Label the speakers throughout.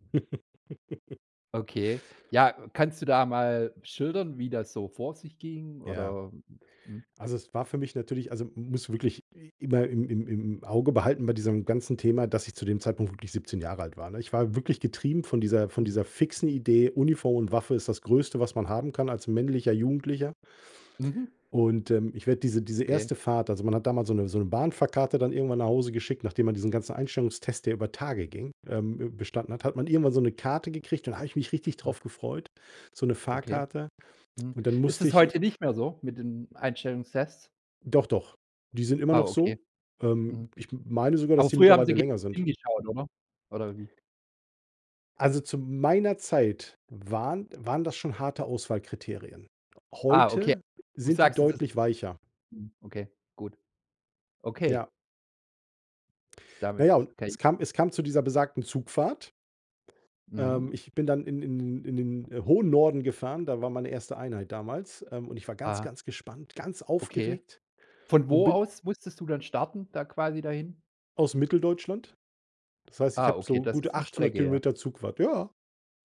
Speaker 1: Okay, ja, kannst du da mal schildern, wie das so vor sich ging
Speaker 2: Ja.
Speaker 1: oder? Mhm.
Speaker 2: Also, es war für mich natürlich also, musst du wirklich i immer im im im Auge behalten bei diesem ganzen Thema, dass ich zu dem Zeitpunkt
Speaker 1: Mhm.
Speaker 2: wirklich 17 Jahre alt war, ne? Ich war wirklich getrieben von dieser von
Speaker 1: Hm.
Speaker 2: dieser fixen
Speaker 1: [unintelligible]
Speaker 2: Idee, Uniform und Waffe ist das Größte, was man haben kann als männlicher Jugendlicher.
Speaker 1: Mhm.
Speaker 2: Und, ähm, ich werde diese diese
Speaker 1: Okay.
Speaker 2: erste Fahrt also, man hat damals so 'ne so 'ne Bahnfahrkarte dann irgendwann nach Hause geschickt, nachdem man diesen ganzen Einstellungstest, der über Tage ging, ähm, b bestanden hat hat man irgendwann so 'ne Karte gekriegt. Dann habe ich mich richtig drauf
Speaker 1: Ah.
Speaker 2: gefreut, so 'ne
Speaker 1: Okay.
Speaker 2: Fahrkarte.
Speaker 1: Mhm.
Speaker 2: Und dann
Speaker 1: Ist
Speaker 2: musste
Speaker 1: es
Speaker 2: ich i
Speaker 1: heute nicht mehr so mit den Einstellungstests?
Speaker 2: Doch, doch, die sind immer
Speaker 1: Ah,
Speaker 2: noch
Speaker 1: okay.
Speaker 2: so. Ähm,
Speaker 1: Mhm.
Speaker 2: ich m meine sogar, dass
Speaker 1: Aber
Speaker 2: die
Speaker 1: früher haben
Speaker 2: mittlerweile
Speaker 1: sie genau
Speaker 2: länger sind.
Speaker 1: hingeschaut, oder? Oder wie?
Speaker 2: Also, zu meiner Zeit waren waren das schon harte Auswahlkriterien.
Speaker 1: Ah, okay.
Speaker 2: Heute
Speaker 1: Du
Speaker 2: sind die
Speaker 1: sagst, es ist
Speaker 2: deutlich weicher.
Speaker 1: mhm, okay, gut. Okay.
Speaker 2: Ja. Na
Speaker 1: Damit,
Speaker 2: ja, und
Speaker 1: kann i
Speaker 2: es kam es kam zu dieser besagten Zugfahrt.
Speaker 1: Mhm.
Speaker 2: Ähm, ich bin dann in in in den in den, äh, hohen Norden gefahren, da war meine erste Einheit damals, ähm, und ich war ganz,
Speaker 1: Aha.
Speaker 2: ganz gespannt, ganz
Speaker 1: Okay.
Speaker 2: aufgeregt
Speaker 1: Von
Speaker 2: und
Speaker 1: wo
Speaker 2: bin
Speaker 1: aus musstest du dann starten da quasi dahin?
Speaker 2: aus Mitteldeutschland. Das heißt, ich
Speaker 1: Ah,
Speaker 2: habe
Speaker 1: okay,
Speaker 2: so
Speaker 1: das
Speaker 2: gute
Speaker 1: ist 'ne
Speaker 2: 800
Speaker 1: Strecke, ja.
Speaker 2: Kilometer Zugfahrt. Ja.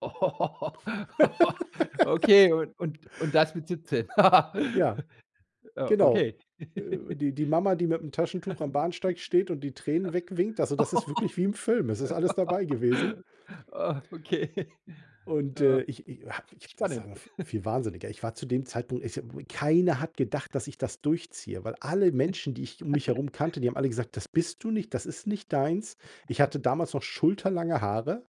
Speaker 1: Okay, und und und das mit 17.
Speaker 2: Ja,
Speaker 1: Ja,
Speaker 2: genau.
Speaker 1: okay.
Speaker 2: Äh, die die Mama, die mit'm Taschentuch am Bahnsteig steht und die Tränen wegwinkt, also,
Speaker 1: Ja.
Speaker 2: das ist wirklich wie im Film. Es ist alles dabei gewesen.
Speaker 1: Ah, okay.
Speaker 2: Und,
Speaker 1: Ja.
Speaker 2: äh, ich ich ich ha das war
Speaker 1: Spannend.
Speaker 2: noch v viel Wahnsinniger. Ich war zu dem Zeitpunkt ich [unintelligible] keiner hat gedacht, dass ich das durchziehe, weil alle Menschen, die ich um mich herum kannte, die haben alle gesagt: „Das bist du nicht, das ist nicht deins.“ Ich hatte damals noch schulterlange Haare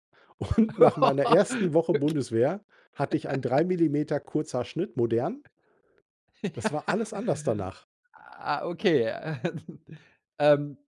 Speaker 2: und nach meiner
Speaker 1: Okay
Speaker 2: ersten Woche Bundeswehr hatte ich einen drei Millimeter Kurzhaarschnitt modern. Das war alles anders danach.
Speaker 1: Ah, okay. Ähm